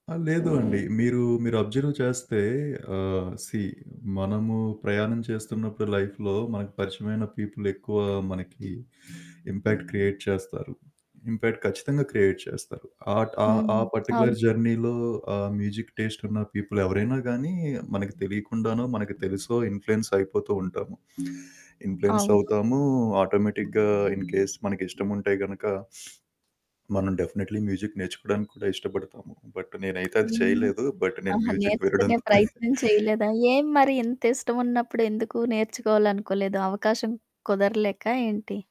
ఆ! లేదు అండి. మీరూ, మీరబ్జర్వ్ చేస్తే, ఆహ్, సీ మనము ప్రయాణం చేస్తున్నప్పుడు లైఫ్‌లో, మనకు పరిచయమైన పీపులెక్కువా మనకి ఇంపాక్ట్ క్రియేట్ చేస్తారు. ఇంపాక్ట్ ఖచ్చితంగా క్రియేట్ చేస్తారు. ఆట్ ఆ హ్మ్. ఆ అవును. పర్టిక్యులర్ జర్నీలో ఆహ్, మ్యూజిక్ టేస్టున్న పీపులెవరైనా గానీ మనకి తెలీకుండానో, మనకి తెలిసో ఇన్‌ఫ్లూయెన్సయిపోతూ ఉంటాము. అవును. ఇన్‌ఫ్లూయెన్సవుతాము, ఆటోమేటిక్‌గా ఇన్ కేస్ మనకి ఇష్టముంటే గనక మనం డెఫినెట్‌లీ మ్యూజిక్ నేర్చుకోడానికి కూడా ఇష్టపడతాము, బట్ నేనైతే అది హ్మ్. చేయలేదు, బట్ నేను ఆహా! మ్యూజిక్ నేర్చుకునే వినడంతోనే ప్రయత్నం చేయలేదా? ఏం మరి ఇంత ఇష్టవున్నప్పుడు ఎందుకు నేర్చుకోవాలనుకోలేదు, అవకాశం కుదరలేకా ఏంటి?